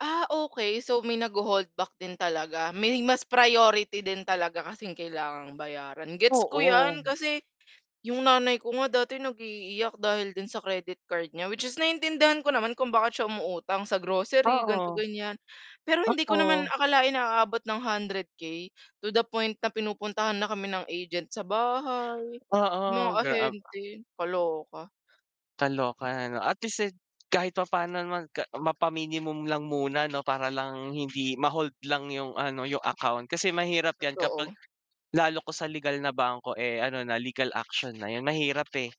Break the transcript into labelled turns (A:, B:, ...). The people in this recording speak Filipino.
A: Ah, okey. So may nagho-hold back din talaga. May mas priority din talaga kasing kailangang bayaran. Gets ko 'yan
B: Oo.
A: kasi 'yong nanay ko nga dati nag-iiiyak dahil din sa credit card niya, which is naiintindihan ko naman kung bakit siya umuutang sa grocery, ganito,
B: Oo.
A: ganiyan. Pero hindi ko naman
B: Oo.
A: akalain na aabot ng 100K to the point na pinupuntahan na kami ng agent sa bahay, mga
B: Oo, graab
A: ahente, kaloka.
B: Kaloka, ano. At least, eh, kahit papaano naman ka mapa-minimum lang muna, 'no, para lang hindi ma-hold lang 'yong, ano, 'yong account, kasi mahirap 'yan kapag,
A: Totoo.
B: lalo kung sa legal na bangko, eh, ano na legal action na 'yan, mahirap, eh.